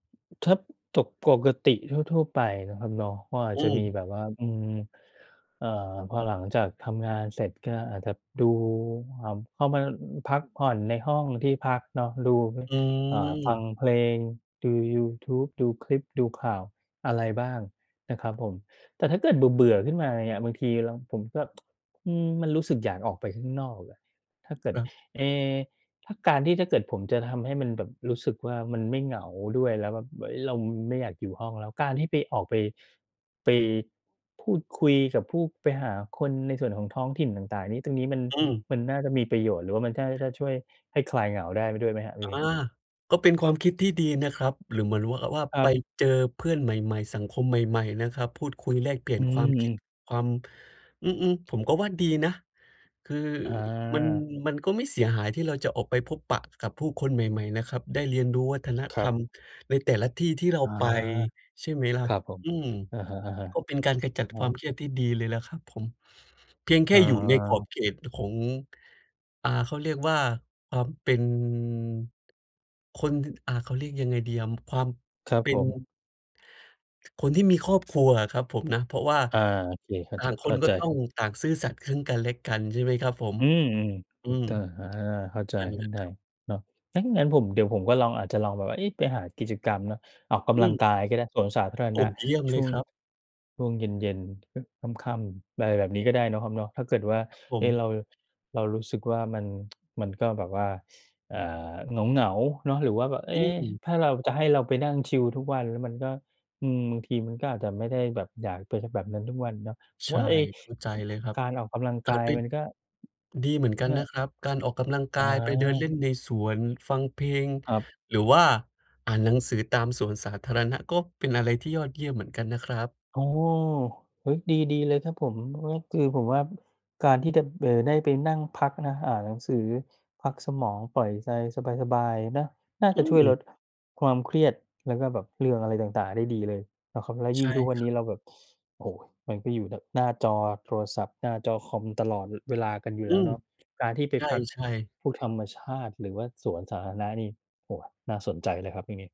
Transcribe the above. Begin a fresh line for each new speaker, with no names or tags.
ถ้า จก ปกติทั่ว ๆ นะครับเนาะ ก็อาจ
อ
จะมี
ืม
แบบว่า อืม เอ่อ พอหลังจากทำงานเสร็จ ก็อาจจะดู เอ่อ เข้ามา อ พักผ่อนในห้องที่พักเนาะ ดู
อ
อ่า ฟัง
ืม
เพลง ดูยูทูบ ดูคลิป ดูข่าว อะไรบ้างนะครับผม แต่ถ้าเกิดเบื่อ ๆ ขึ้นมาเนี่ย บางทีเรา ผมก็ อืม มันรู้สึกอยากออกไปข้างนอกล่ะ ถ้าเกิด
ครับ
เอ๊ ถ้าการที่ถ้าเกิดผมจะทำให้มันแบบรู้สึกว่า มันไม่เหงาด้วยแล้วแบบ เอ๊ย เราไม่อยากอยู่ห้องแล้ว การที่ไป ออกไป ไป พูดคุยกับผู้ ไปหาคนในส่วนของท้องถิ่นต่าง ๆ นี่ ตรงนี้มัน
อืม
มันน่าจะมีประโยชน์ หรือว่ามันก็น่าจะช่วยให้คลายเหงาได้ด้วยไหมครับ? ตร
อ
งนี
า
้
ก็เป็นความคิดที่ดีนะครับ หรือเหมือนรู้ว่า ว่า
คร
ไ
ั
ป
บ
เจอเพื่อนใหม่ ๆ สังคมใหม่ ๆ นะครับ พูดคุยแลกเปลี่
อ
ย
ื
น
อ
ความ
อื
คิด
ม
ความ อือ ๆ ผมก็ว่าดีนะ คือ
อ
มัน
า
มันก็ไม่เสียหายที่เราจะออกไปพบปะกับผู้คนใหม่ ๆ นะครับ ได้เรียนรู้วัฒน
ค
ธ
รั
ร
บ
รมในแต่ละที่ที่เรา
อา
ไป ใช่ไหมล่
ค
ะ?
รับผม
อืม
อะฮะ
ก็เป็นการขจัด
ๆ อื
ความ
ม
เครียดที่ดีเลยล่ะครับผม เพียงแค่อยู่ในขอบ
อา
เขตของ อ่า เขาเรียกว่า อ่า เป็น คน ท ท อ่า เขาเรียกยังไงดีอะ ม ความ
ครับ
เป็
ผ
น
ม
คนที่มีครอบครัวอะครับผมนะ เพราะว่า
อา โอเค เข้า
ต่
จ
างค
เข้
น
า
ก
ใ
็
จ
ต้
ค
อ
รั
ง
บ
ต่างซื่อสัตย์ ซึ่งกันและกัน ใช่ไหมครับผม?
อืม
อ
ๆ
ื
อุต
ม
ตา อา เข้าใจ
นั่นแ
ข
ห
ึ้
ล
น
ะ
ได
ครับ
เนาะ ถ้างั้นผม เดี๋ยวผมก็ลอง อาจจะลองแบบว่า เอ๊ะ ไปหากิจกรรมเนาะ ออกก
อื
ำลัง
ม
กายก็ได้ สวนสาธาร
โอ
ณ
้
ะ
เยี่ยม
ช
เล
่ว
ย
ง
ครับ
ช่วงเย็น ๆ ค ค่ำ ๆ อะไรแบบนี้ก็ได้เนาะครับเนาะ ถ้าเกิดว่า
ครับผ
เอ๊ะ เ
ม
รา เรารู้สึกว่ามัน มันก็แบบว่า อ่า เหงา ๆ เนาะ หรือว่าแบบ เอ๊
อืม
ถ้าเราจะให้เราไปนั่งชิวทุกวันมันก็ อืม บางทีมันก็อาจจะไม่ได้แบบอยากเป็น ช แบบนั้นทุกวันเนาะ
ใช
ว
่
่าไอ้
เข้าใจ
อึ
เลยครับ
การออกกำลัง
อ
ก
า
า
จ
ย
ไป
มันก็
ดีเหมือนกั
เ
น
นี่
น
ย
ะครับ การออกกำลังกายไปเดิน
อา
เล่นในสวน ฟังเพลง
ครับ
หรือว่าอ่านหนังสือตามสวนสาธารณะ ก็เป็นอะไรที่ยอดเยี่ยมเหมือนกันนะครับ
โอ้! เฮ้ย ดี ๆ เลยครับผม เพราะว่าคือผมว่าการที่จะ เอ่อ ได้ไปนั่งพักนะ อ่านหนังสือ พักสมอง ปล่อยใจสบาย ๆ นะ น่า
อ
จ
ื
ะช่วยล
ม
ดความเครียด แล้วก็แบบเรื่องอะไรต่าง ๆ ได้ดีเลยนะครับ แล้วย
ใช
ิ่ง
่
ทุกวั
ค
น
ร
น
ั
ี
บ
้เราแบบ โอ้ มันก็อยู่แต่หน้าจอโทรศัพท์ หน้าจอคอมตลอด ล เวลากันอยู่
อ
แ
ื
ล้ว
ม
เนาะ การที่ไป
ใช
พัก
่ ๆ
พวก ธรรมชาติ หรือว่าสวนสาธารณะนี่ โอ้ น่าสนใจเลยครับตรงนี้